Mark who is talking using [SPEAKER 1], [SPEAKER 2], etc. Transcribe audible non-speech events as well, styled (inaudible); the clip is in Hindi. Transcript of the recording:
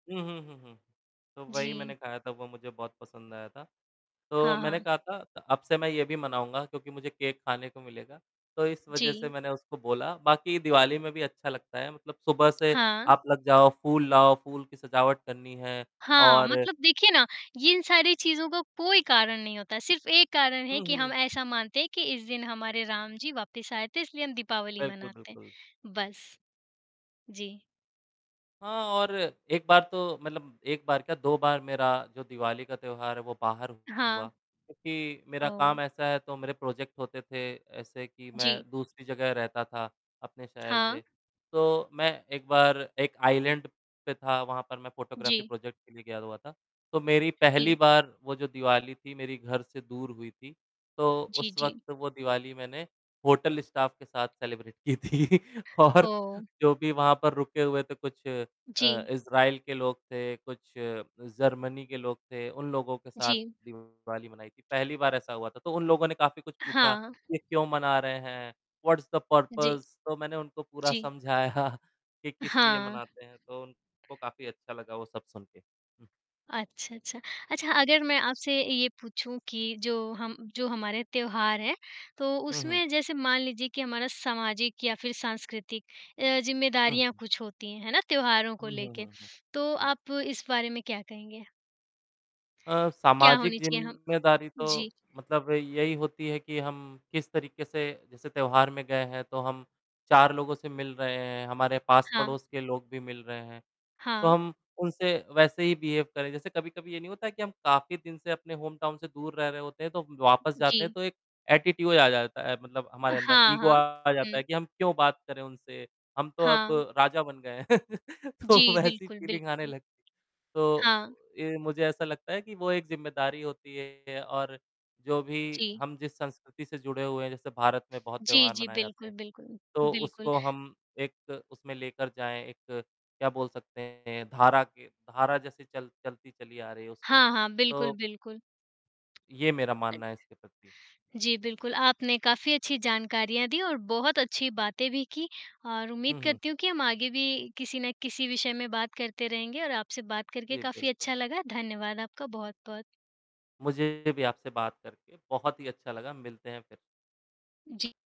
[SPEAKER 1] उहुँ, हुँ, हुँ। तो वही मैंने
[SPEAKER 2] जी।
[SPEAKER 1] खाया था, वो मुझे बहुत पसंद आया था, तो
[SPEAKER 2] हाँ,
[SPEAKER 1] मैंने
[SPEAKER 2] हाँ।
[SPEAKER 1] कहा था अ अब से मैं ये भी मनाऊँगा क्योंकि मुझे केक खाने को मिलेगा, तो इस वज़ह से
[SPEAKER 2] जी।
[SPEAKER 1] मैंने उसको बोला, बाकी दिवाली में भी अच्छा लगता है मतलब सुबह से
[SPEAKER 2] हाँ।
[SPEAKER 1] आप लग जाओ फूल लाओ, फूल की सजावट करनी है
[SPEAKER 2] हाँ,
[SPEAKER 1] और
[SPEAKER 2] मतलब देखिए ना ये इन सारी चीज़ों का कोई कारण नहीं होता, सिर्फ़ एक कारण है
[SPEAKER 1] हुँ,
[SPEAKER 2] कि हम
[SPEAKER 1] हुँ।
[SPEAKER 2] ऐसा मानते हैं कि इस दिन हमारे राम जी वापस आए थे इसलिए हम दीपावली
[SPEAKER 1] बिल्कुल,
[SPEAKER 2] मनाते हैं,
[SPEAKER 1] बिल्कुल।
[SPEAKER 2] बस। जी।
[SPEAKER 1] हाँ, और एक बार तो मतलब एक बार क्या 2 बार मेरा जो दिवाली का त्योहार है वो बाहर हुआ
[SPEAKER 2] हाँ।
[SPEAKER 1] क्योंकि मेरा काम
[SPEAKER 2] ओह!
[SPEAKER 1] ऐसा है तो मेरे प्रोजेक्ट होते थे ऐसे कि मैं
[SPEAKER 2] जी।
[SPEAKER 1] दूसरी जगह रहता था अपने शहर
[SPEAKER 2] हाँ।
[SPEAKER 1] से, तो मैं एक बार एक आइलैंड पे था, वहाँ पर मैं फ़ोटोग्राफ़ी
[SPEAKER 2] जी।
[SPEAKER 1] प्रोजेक्ट के लिए गया हुआ था, तो मेरी पहली
[SPEAKER 2] जी।
[SPEAKER 1] बार वो जो दिवाली थी, मेरी घर से दूर हुई थी, तो
[SPEAKER 2] जी,
[SPEAKER 1] उस
[SPEAKER 2] जी।
[SPEAKER 1] वक़्त वो दिवाली मैंने होटल स्टाफ़ के साथ सेलिब्रेट की थी और
[SPEAKER 2] ओह!
[SPEAKER 1] जो भी वहाँ पर रुके हुए थे कुछ अ,
[SPEAKER 2] जी।
[SPEAKER 1] इज़राइल के लोग थे, कुछ जर्मनी के लोग थे, उन लोगों के साथ
[SPEAKER 2] जी।
[SPEAKER 1] दिवाली मनाई थी, पहली बार ऐसा हुआ था, तो उन लोगों ने काफ़ी कुछ पूछा
[SPEAKER 2] हाँ।
[SPEAKER 1] कि क्यों मना रहे हैं? What's the
[SPEAKER 2] ji.
[SPEAKER 1] पर्पज़ तो मैंने उनको पूरा
[SPEAKER 2] जी।
[SPEAKER 1] समझाया कि किस लिए
[SPEAKER 2] हाँ।
[SPEAKER 1] मनाते हैं तो, वो उनको काफ़ी अच्छा लगा वो सब सुन के, हुँ।
[SPEAKER 2] अच्छा, अच्छा। अच्छा, अगर मैं आपसे ये पूछूँ कि जो हम जो हमारे त्योहार हैं, तो
[SPEAKER 1] हुँ, हुँ।
[SPEAKER 2] उसमें जैसे मान लीजिए कि हमारा सामाजिक या फिर सांस्कृतिक अ,
[SPEAKER 1] हुँ,
[SPEAKER 2] ज़िम्मेदारियाँ
[SPEAKER 1] हुँ।
[SPEAKER 2] कुछ होती हैं, है ना? त्योहारों को
[SPEAKER 1] हुँ, हुँ,
[SPEAKER 2] लेके,
[SPEAKER 1] हुँ, हुँ।
[SPEAKER 2] (sniffs) तो
[SPEAKER 1] हुँ।
[SPEAKER 2] आप इस बारे में क्या कहेंगे?
[SPEAKER 1] अ,
[SPEAKER 2] क्या
[SPEAKER 1] सामाजिक
[SPEAKER 2] होनी चाहिए? हम
[SPEAKER 1] ज़िम्मेदारी तो
[SPEAKER 2] जी।
[SPEAKER 1] मतलब यही होती है कि हम किस तरीके से जैसे त्योहार में गए हैं तो हम 4 लोगों से मिल रहे हैं, हमारे
[SPEAKER 2] हाँ।
[SPEAKER 1] पास-पड़ोस के लोग भी मिल रहे हैं, तो
[SPEAKER 2] हाँ।
[SPEAKER 1] हम उनसे वैसे ही बिहेव करें, जैसे कभी-कभी ये नहीं होता है कि हम काफ़ी दिन से अपने होम टाउन से दूर रह रहे होते हैं तो वापस जाते हैं
[SPEAKER 2] जी।
[SPEAKER 1] तो एक एटिट्यूड आ जाता है मतलब हमारे अंदर,
[SPEAKER 2] हाँ,
[SPEAKER 1] ईगो
[SPEAKER 2] हाँ।
[SPEAKER 1] आ जाता है
[SPEAKER 2] हुँ।
[SPEAKER 1] कि हम क्यों बात करें उनसे, हम तो अब
[SPEAKER 2] हाँ।
[SPEAKER 1] राजा बन गए हैं, (laughs) तो
[SPEAKER 2] जी।
[SPEAKER 1] वैसी
[SPEAKER 2] बिल्कुल,
[SPEAKER 1] फीलिंग आने
[SPEAKER 2] बिल्कुल।
[SPEAKER 1] लगती है, तो
[SPEAKER 2] हाँ।
[SPEAKER 1] ये मुझे ऐसा लगता है कि वो एक ज़िम्मेदारी होती है और जो भी
[SPEAKER 2] जी।
[SPEAKER 1] हम जिस संस्कृति से जुड़े हुए हैं जैसे भारत में बहुत
[SPEAKER 2] जी,
[SPEAKER 1] त्योहार
[SPEAKER 2] जी।
[SPEAKER 1] मनाए जाते
[SPEAKER 2] बिल्कुल,
[SPEAKER 1] हैं,
[SPEAKER 2] बिल्कुल,
[SPEAKER 1] तो
[SPEAKER 2] बिल्कुल।
[SPEAKER 1] उसको हम एक उसमें लेकर जाएँ, एक क्या बोल सकते हैं धारा के धारा जैसे चल चलती चली आ रही है उसमें,
[SPEAKER 2] हाँ, हाँ। बिल्कुल,
[SPEAKER 1] तो
[SPEAKER 2] बिल्कुल।
[SPEAKER 1] ये मेरा
[SPEAKER 2] अ
[SPEAKER 1] मानना है, इसके प्रति।
[SPEAKER 2] जी, बिल्कुल। आपने काफ़ी अच्छी जानकारियाँ दी और बहुत अच्छी बातें भी की और उम्मीद
[SPEAKER 1] हुँ, हुँ।
[SPEAKER 2] करती हूँ कि हम आगे भी किसी ना किसी विषय में बात करते रहेंगे और आपसे बात करके
[SPEAKER 1] जी,
[SPEAKER 2] काफ़ी
[SPEAKER 1] बिल्कुल।
[SPEAKER 2] अच्छा लगा, धन्यवाद आपका बहुत-बहुत।
[SPEAKER 1] मुझे भी आपसे बात करके बहुत ही अच्छा लगा, मिलते हैं फिर।
[SPEAKER 2] जी।